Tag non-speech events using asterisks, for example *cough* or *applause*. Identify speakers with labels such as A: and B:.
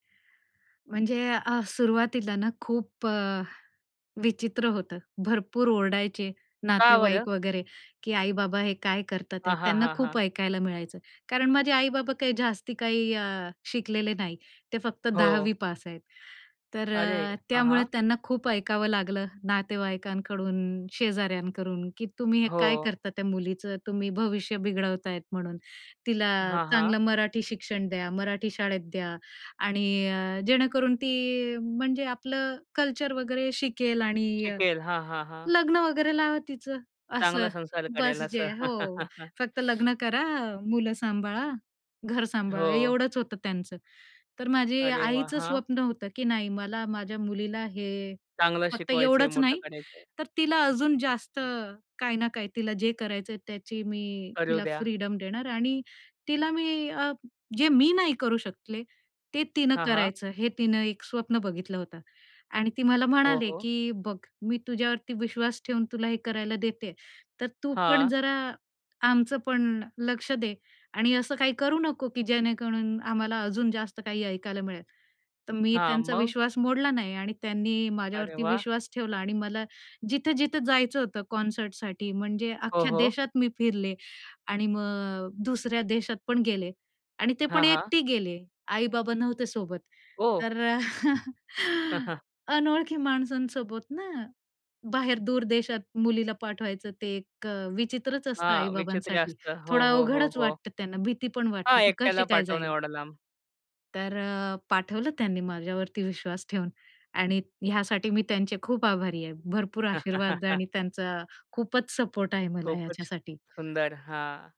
A: म्हणजे अ, सुरुवातीला ना, खूप अ, विचित्र होतं. भरपूर ओरडायचे,
B: का बरं?
A: नातेवाईक वगैरे, की आई-बाबा हे काय करतात
B: हां,
A: हे,
B: हां,
A: त्यांना
B: हां,
A: खूप
B: हां.
A: ऐकायला मिळायचं. कारण माझे आई-बाबा काही जास्ती काही अ, शिकलेले नाही. ते फक्त
B: हो.
A: 10वी पास आहेत. तर
B: अरे
A: अ,
B: हां,
A: त्यामुळे
B: हां.
A: त्यांना खूप ऐकावं लागलं नातेवाईकांकडून, शेजाऱ्यांकडून, "की तुम्ही हे काय
B: हो.
A: करता त्या मुलीचं? तुम्ही भविष्य बिघडवतायत म्हणून. तिला
B: हां, हां.
A: चांगलं मराठी शिक्षण द्या, मराठी शाळेत द्या आणि अ, जेणेकरून ती म्हणजे आपलं कल्चर वगैरे शिकेल आणि
B: शिकेल. हां, हां, हां.
A: लग्न वगैरे लावा तिचं." असं.
B: चांगला संसार
A: बस
B: करायला असं.
A: जे हो,
B: *chuckles*
A: फक्त लग्न करा, मुलं सांभाळा, घर सांभाळा
B: हो.
A: एवढंच होतं त्यांचं. तर माझी
B: अरे वाह!
A: आईचं
B: हां.
A: स्वप्न होतं की नाही, मला माझ्या मुलीला हे
B: चांगलं
A: फक्त
B: शिकवायचं आहे,
A: एवढंच
B: मोठं
A: नाही
B: करायचंय.
A: तर तिला अजून जास्त काही ना काही तिला जे करायचंय त्याची मी
B: करू
A: तिला
B: द्या.
A: फ्रीडम देणार आणि तिला मी अ, जे मी नाही करू शकले ते तिनं
B: हां, हां.
A: करायचं हे तिनं एक स्वप्न बघितलं होतं आणि ती मला
B: हो,
A: म्हणाले
B: हो.
A: की, "बघ मी तुझ्यावरती विश्वास ठेवून तुला हे करायला देतेय. तर तू पण
B: हां.
A: जरा आमचं पण लक्ष दे आणि असं काही करू नको की जेणेकरून आम्हाला अजून जास्त काही ऐकायला मिळेल." तर मी
B: हां,
A: त्यांचा
B: मग?
A: विश्वास मोडला नाही आणि त्यांनी
B: अरे
A: माझ्यावरती
B: वाह!
A: विश्वास ठेवला आणि मला जिथं-जिथं जायचं होतं कॉन्सर्टसाठी म्हणजे
B: हो,
A: अख्ख्या
B: हो.
A: देशात मी फिरले आणि मग अ, दुसऱ्या देशात पण गेले आणि ते पण
B: हां, हां.
A: एकटी गेले, आई-बाबा नव्हते सोबत.
B: ओह!
A: तर *chuckles*
B: *chuckles*
A: अनोळखी माणसांसोबत ना? बाहेर दूर देशात मुलीला पाठवायचं ते एक अ, विचित्रच असतं
B: हां, विचित्र
A: आई-बाबांसाठी.
B: असतं. हो,
A: थोडा
B: हो, हो,
A: अवघडच
B: हो.
A: वाटतं त्यांना, भीती पण वाटते,
B: हां,
A: की
B: एकट्याला
A: कशी काय
B: पाठवणं
A: जाईल?
B: एवढं लांब.
A: तर अ, पाठवलं त्यांनी माझ्यावरती विश्वास ठेवून आणि ह्यासाठी मी त्यांचे खूप आभारी आहे. भरपूर आशीर्वाद
B: *chuckles*
A: आणि त्यांचा खूपच सपोर्ट आहे मला
B: खूपच
A: ह्याच्यासाठी.
B: सुंदर, हां.